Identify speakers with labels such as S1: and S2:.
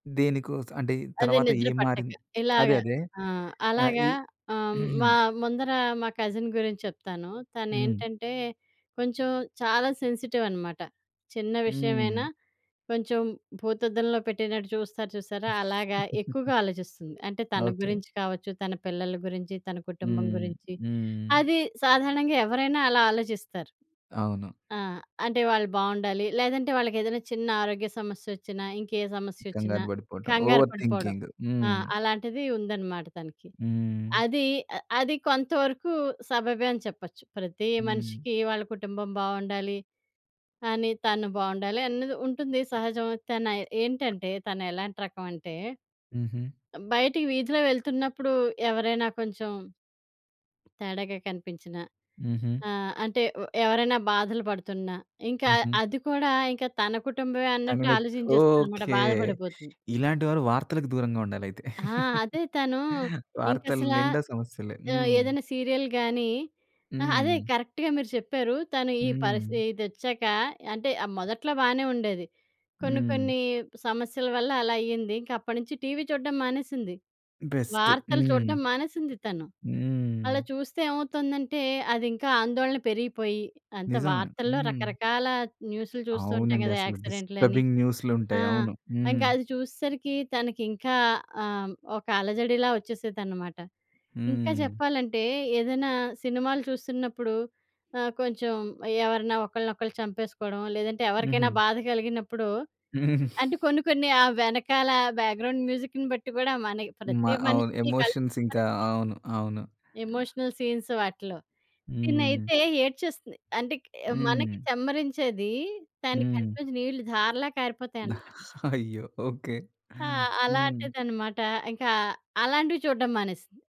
S1: దేనికోసం అంటే ఇది
S2: అది
S1: తర్వాత
S2: నిద్ర
S1: ఏం
S2: పట్టక
S1: మారింది? అదే.
S2: ఇలాగా.
S1: అదే.
S2: ఆ!
S1: ఆహ్, ఈ
S2: అలాగా ఆహ్, మా ముందర మా కజిన్ గురించి చెప్తాను.
S1: హ్మ్.
S2: తనేంటంటే కొంచెం చాలా సెన్సిటివ్ అనమాట. చిన్న
S1: హ్మ్.
S2: విషయమైనా కొంచెం భూతద్దంలో పెట్టినట్టు చూస్తారు చూసారా? అలాగా ఎక్కువగా ఆలోచిస్తుంది. అంటే తన
S1: ఓకే.
S2: గురించి కావచ్చు, తన పిల్లల గురించి, తన కుటుంబం
S1: హ్మ్.
S2: గురించి,
S1: హ్మ్.
S2: అది సాధారణంగా ఎవరైనా అలా ఆలోచిస్తారు.
S1: అవును.
S2: ఆ! అంటే వాళ్ళు బాగుండాలి. లేదంటే వాళ్ళకేదైనా చిన్న ఆరోగ్య సమస్యొచ్చినా, ఇంకే సమస్యొచ్చినా
S1: కంగారు బడిపోవటం.
S2: కంగారు
S1: ఓవర్
S2: పడిపోవడం.
S1: థింకింగు.
S2: ఆ!
S1: హ్మ్.
S2: అలాంటిది ఉందన్నమాట తనకి.
S1: హ్మ్.
S2: అదీ అ అది కొంతవరకు సబబే అని చెప్పొచ్చు. ప్రతి
S1: హ్మ్.
S2: మనిషికి వాళ్ళ కుటుంబం బాగుండాలి, అని తను బాగుండాలి అన్నది ఉంటుంది సహజం తనై ఏంటంటే తనేలాంటి రకమంటే,
S1: హుహు.
S2: బయటికి వీధిలో వెళ్తున్నప్పుడు ఎవరైనా కొంచెం తేడాగా కనిపించిన,
S1: హుహు.
S2: ఆహ్, అంటే వ్ ఎవరైనా బాధలు పడుతున్నా, ఇంకా
S1: హుహు.
S2: అది కూడా ఇంకా తన కుటుంబమే
S1: తను
S2: అన్నట్టు
S1: నిత్
S2: ఆలోచింజేస్తుందన్నమాట,
S1: ఓకే.
S2: బాధ పడిపోతుంది.
S1: ఇలాంటి వారు వార్తలకు దూరంగా ఉండాలైతే.
S2: ఆ! అదే తను
S1: వార్తలు
S2: ఇంకసల
S1: నిండా సమస్యలే.
S2: ఆహ్,
S1: హ్మ్.
S2: ఏదైనా సీరియల్ గాని ఆహా! అదే
S1: హ్మ్.
S2: కరెక్ట్‌గా మీరు చెప్పారు. తను ఈ పరిసి
S1: హ్మ్.
S2: ఇదొచ్చాక అంటే ఆహ్, మొదట్లో బానే ఉండేది. కొన్ని
S1: హ్మ్.
S2: కొన్ని సమస్యల వల్ల అలా అయింది, ఇంకప్పడినుంచి టీవీ చూడ్డం మానేసింది.
S1: బెస్టు.
S2: వార్తలు
S1: హ్మ్.
S2: చూడ్డం మానేసింది తను.
S1: హ్మ్.
S2: అలా చూస్తే ఏమవుతుందంటే, అదింకా ఆందోళన పెరిగిపోయి, అంతా
S1: నిజమే.
S2: వార్తల్లో
S1: హ్మ్.
S2: రకరకాల న్యూసులు చూస్తూ ఉంటాం
S1: అవునండి,
S2: గదా!
S1: అసలు.
S2: యాక్సిడెంట్లని
S1: డిస్టర్బింగ్
S2: ఆ!
S1: న్యూస్లుంటాయి. అవును. హ్మ్.
S2: ఇంకది చూసేసరికి తనకింకా ఆహ్, ఒక అలజడిలా ఒచ్చేసేదనమాట. ఇంకా
S1: హ్మ్.
S2: జెప్పాలంటే, ఏదైనా సినిమాలు చూస్తున్నప్పుడు ఆహ్, కొంచెం ఎవరన్నా ఒకరినొలు చంపేసుకోవడం, లేదంటే ఎవరికైనా
S1: హుహు.
S2: బాధ కలిగినప్పుడు అంటే కొన్ని కొన్ని ఆ వెనకాల బ్యాక్‌గ్రౌండ్ మ్యూజిక్‌ని బట్టి గూడా మనకి
S1: మ
S2: ప్రతి
S1: అవును.
S2: మనిషికి కల్
S1: ఎమోషన్స్
S2: కల్
S1: ఇంకా అవును. అవును.
S2: ఎమోషనల్ సీన్స్ వాటిలో.
S1: హ్మ్.
S2: తినైతే ఏడ్చేస్తుంది. అంటే క్ మనకి
S1: హ్మ్.
S2: చమ్మరించేది తన కంటి
S1: హ్మ్.
S2: నుంచి నీళ్ళు ధారలా కారిపోతాయన్నమాట.
S1: అయ్యో! ఓకే.
S2: ఆ!
S1: హ్మ్.
S2: అలాంటిదన్నమాట. ఇంకా అలాంటివి చూడడం మానేసింది.